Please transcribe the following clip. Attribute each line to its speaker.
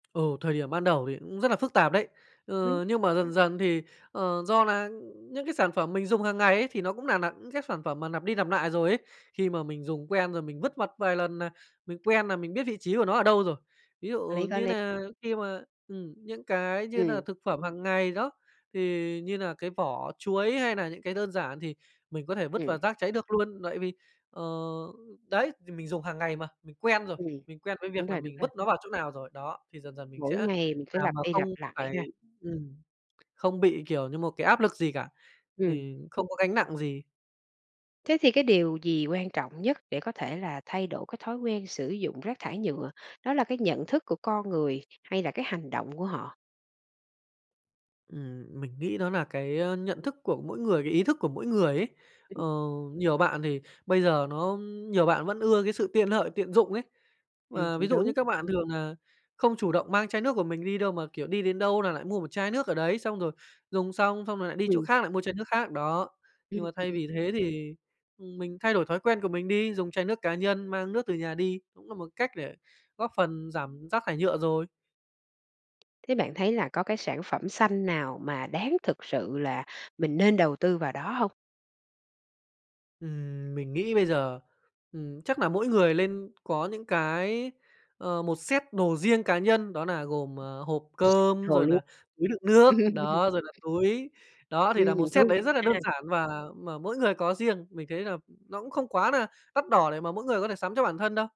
Speaker 1: Ừ, thời điểm ban đầu thì cũng rất nà phức tạp đấy!
Speaker 2: Ừm.
Speaker 1: Ừ, nhưng mà dần dần thì, ờ, do nà, ưm, những cái sản phẩm mình dùng hàng ngày ấy thì nó cũng nà nà những cái sản phẩm mà lặp đi lặp nại rồi ấy, khi mà mình dùng quen rồi mình vứt vặt vài lần nà mình quen nà mình biết vị trí của nó ở đâu rồi. Ví
Speaker 2: Có lý,
Speaker 1: dụ
Speaker 2: có
Speaker 1: như
Speaker 2: lý.
Speaker 1: nà khi mà, ừm, những cái như
Speaker 2: Ừm.
Speaker 1: nà thực phẩm hàng ngày đó, thì như nà cái vỏ chuối hay nà những cái đơn giản thì mình có thể vứt vào
Speaker 2: Ừm.
Speaker 1: rác cháy được luôn tại vì, ờ, đấy, thì mình dùng hàng ngày mà, mình quen rồi,
Speaker 2: Ừm.
Speaker 1: mình quen với
Speaker 2: Đúng
Speaker 1: việc nà
Speaker 2: rồi, đúng
Speaker 1: mình
Speaker 2: rồi.
Speaker 1: vứt nó vào chỗ nào rồi. Đó, thì dần dần mình sẽ
Speaker 2: Mỗi ngày mình cứ
Speaker 1: làm
Speaker 2: lặp
Speaker 1: mà
Speaker 2: đi
Speaker 1: không
Speaker 2: lặp lại
Speaker 1: phải
Speaker 2: ha.
Speaker 1: ừm, không bị, kiểu như, một cái áp lực gì cả, ờ,
Speaker 2: Ừm.
Speaker 1: không có gánh nặng gì.
Speaker 2: Thế thì cái điều gì quan trọng nhất để có thể là thay đổi cái thói quen sử dụng rác thải nhựa, đó là cái nhận thức của con người hay là cái hành động của họ?
Speaker 1: Ừm, mình nghĩ đó nà cái, ơ, nhận thức của mỗi người, cái ý thức của mỗi người ấy.
Speaker 2: Ừm.
Speaker 1: Ờ, nhiều bạn thì bây giờ nó, ưm, nhiều bạn vẫn ưa cái sự tiện lợi, tiện dụng ấy.
Speaker 2: Ừm,
Speaker 1: Và ví
Speaker 2: cũng
Speaker 1: dụ như
Speaker 2: đúng.
Speaker 1: các bạn thường nà không chủ động mang chai nước của mình đi đâu mà, kiểu, đi đến đâu nà lại mua một chai nước ở đấy, xong rồi dùng xong xong rồi lại đi chỗ
Speaker 2: Ừm.
Speaker 1: khác mua chai nước khác đó. Nhưng
Speaker 2: Ừm,
Speaker 1: mà thay
Speaker 2: ừm.
Speaker 1: vì thế thì, ừm, mình thay đổi thói quen của mình đi, dùng chai nước cá nhân mang nước từ nhà đi cũng nà một cách để góp phần giảm rác thải nhựa rồi.
Speaker 2: Thế bạn thấy là có cái sản phẩm xanh nào mà đáng thực sự là mình nên đầu tư vào đó hông?
Speaker 1: Ừm, mình nghĩ bây giờ, ừm, chắc nà mỗi người lên có những cái, ờ, một set đồ riêng cá nhân đó nà gồm, à, hộp cơm,
Speaker 2: Rồi
Speaker 1: rồi
Speaker 2: luôn.
Speaker 1: nà túi đựng nước, đó, rồi nà túi. Đó, thì nà một
Speaker 2: Ừm,
Speaker 1: set
Speaker 2: thú
Speaker 1: đấy rất là
Speaker 2: vị
Speaker 1: đơn
Speaker 2: ha!
Speaker 1: giản và mà mỗi người có riêng, mình thấy là nó cũng không quá nà đắt đỏ để mà mỗi người có thể sắm cho bản thân đâu.